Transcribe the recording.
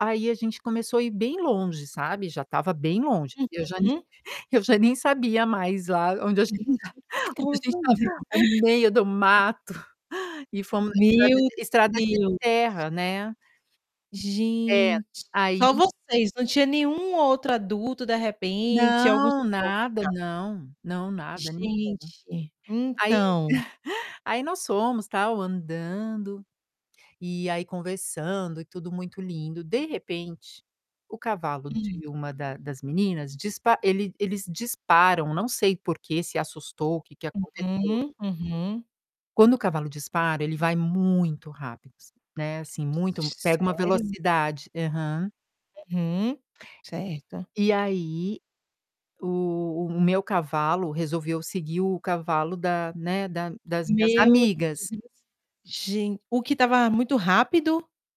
Aí, a gente começou a ir bem longe, sabe, já estava bem longe, eu já nem Uhum. eu já nem sabia mais lá onde a Uhum. gente tá, onde a gente estava, Confundi. no meio do mato, e fomos estrada Meu de estrada de Deus! terra, né. É, Gente! aí Só vocês, não tinha nenhum outro adulto de repente, algum Não! suporte em Nada, casa? não. Não, nada, não quero. Gente! Aí, Então aí nós fomos tal andando, e aí conversando e tudo muito lindo, de repente, o cavalo Hum. de uma da das meninas, dispa ele eles disparam, não sei por que se assustou, o que que aconteceu. Uhum. Uhum. Quando o cavalo dispara, ele vai muito rápido né, assim muito pega uma Sério? velocidade. Aham. Uhum. Certo. E aí, o o meu cavalo resolveu seguir o cavalo da né, da das minhas Meu amigas. Deus! Gen o que estava muito rápido?